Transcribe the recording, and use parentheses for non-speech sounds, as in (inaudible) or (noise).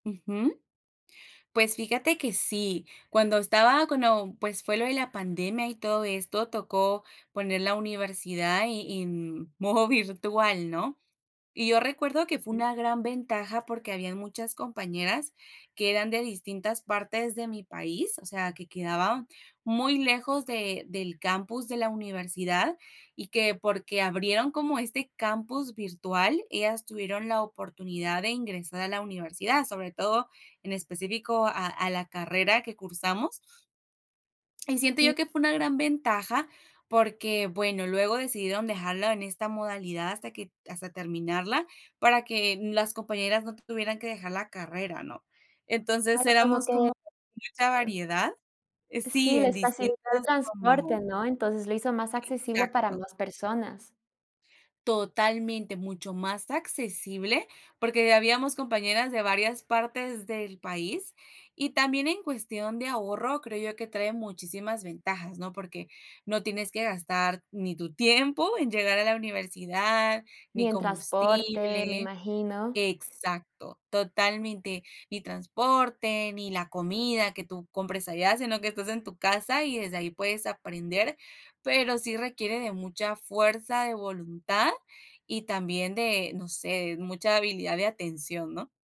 Ujú. Pues fíjate que sí, cuando estaba cuando, pues, fue lo de la pandemia y todo esto, tocó poner la universidad e en modo virtual, ¿no? Y yo recuerdo que fue una gran ventaja porque habían muchas compañeras que eran de distintas partes de mi país. O sea, que quedaba muy lejos de del campus de la universidad y que, porque abrieron como este campus virtual, ellas tuvieron la oportunidad de aingresar a la universidad, sobre todo en específico a a la carrera que cursamos y siento yo que fue una gran ventaja, porque, bueno, luego decidieron dejarlo en esta modalidad hasta que hasta terminarla, para que n las compañeras no tuvieran que dejar la carrera, ¿no? Entonces, Algo como éramos que como (unintelligible) mucha eh variedad eh, sí Sí, en les facilitó el distintas, transporte, como ¿no? Entonces, le hizo más accesible para Exacto. más personas. Totalmente, mucho más accesible, porque, eh, habíamos compañeras de varias partes del país. Y también en cuestión de ahorro creo yo que trae muchísimas ventajas, ¿no? Porque no tienes que gastar ni tu tiempo en llegar a la universidad Ni ni en transporte, me combustible imagino. exacto, totalmente. Ni transporte ni la comida que tú compres allá, sino que estás en tu casa y desde ahí puedes aprender, pero sí requiere de mucha fuerza de voluntad y también de, no sé, mucha habilidad de atención, ¿no?